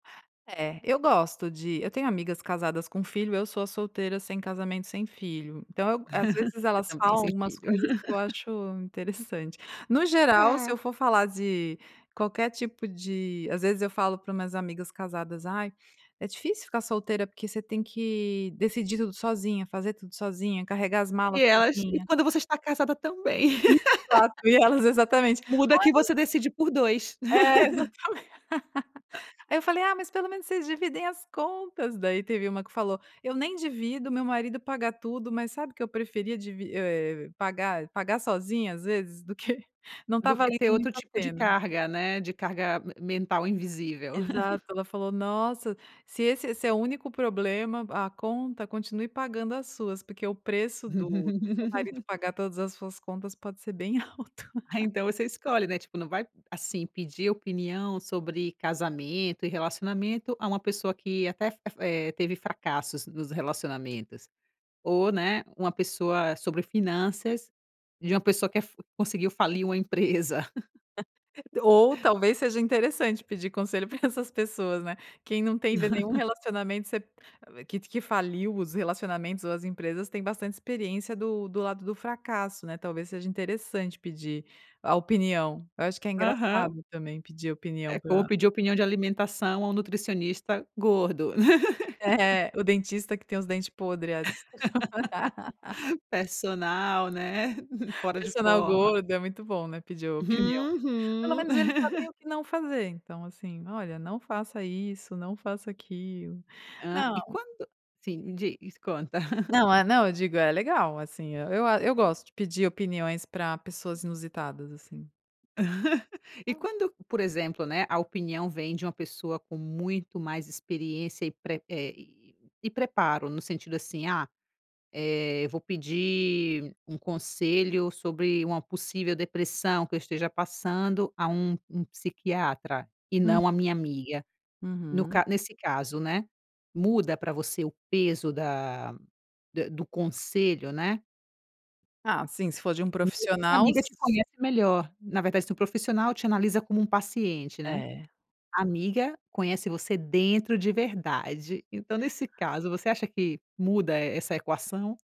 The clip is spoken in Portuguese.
É, eu gosto de eu tenho amigas casadas com filho, eu sou a solteira sem casamento, sem filho, então eu às vezes elas Também falam sem algumas filho. coisas que eu acho interessante, no geral se É. eu for falar de qualquer tipo de às vezes eu falo para as minhas amigas casadas: "Ai, é difícil ficar solteira porque você tem que decidir tudo sozinha, fazer tudo sozinha, carregar as malas E acho que sozinha". quando você está casada também. Exato, e elas exatamente Muda que [unintelligible] você decide por 2. É, exatamente, eu falei: "Ah, mas pelo menos vocês dividem as contas", daí teve uma que falou: "Eu nem divido, o meu marido pagar tudo, mas sabe que eu preferia divi eh, pagar pagar sozinha às vezes, do que não tá Do que valendo ter muito outro a tipo de pena. carga, né, de carga mental invisível. Exato, ela falou: "Nossa, se esse esse é o único problema a conta, continue pagando as suas, porque o preço do do seu marido pagar todas as suas contas pode ser bem alto". Aí então você escolhe, né, tipo não vai assim pedir opinião sobre casamento e relacionamento a uma pessoa que até fe eh, teve fracassos nos relacionamentos, ou, né, uma pessoa sobre finanças, de uma pessoa fa que conseguiu falir uma empresa. Ou talvez seja interessante pedir conselho pra essas pessoas, né, quem não teve nenhum relacionamento você que que faliu os relacionamentos ou as empresas, tem bastante experiência do do lado do fracasso, né, talvez seja interessante pedir a opinião, eu acho que é Aham. engraçado também pedir a É opinião como pra pedir opinião de alimentação ao nutricionista gordo. É, o dentista que tem os dente podre. Personal né, fora de Personal forma. gordo é muito bom, né, pedir opinião. Pelo Uhum. menos eles sabem o que não fazer, então assim, olha não faça isso, não faça aquilo, Hã, não e quando sim, diz, conta. Não, é, não, eu digo: "É legal assim", eu a eu gosto de pedir opiniões pra pessoas inusitadas assim. E [unintelligible] quando, por exemplo, né, a opinião vem de uma pessoa com muito mais experiência e pre eh, e e preparo, no sentido assim: "Ah, eh, vou pedir um conselho sobre uma possível depressão que eu esteja passando a um um psiquiatra, e Hum. não a minha amiga", no Uhum. ca nesse caso, né, muda pra você o peso da do conselho, né. Ah, sim, se for de um Mesmo que a profissional. amiga te conhece melhor, na verdade, o profissional te analisa como um paciente, né, É. a amiga conhece você dentro de verdade, então nesse caso você acha que muda essa equação?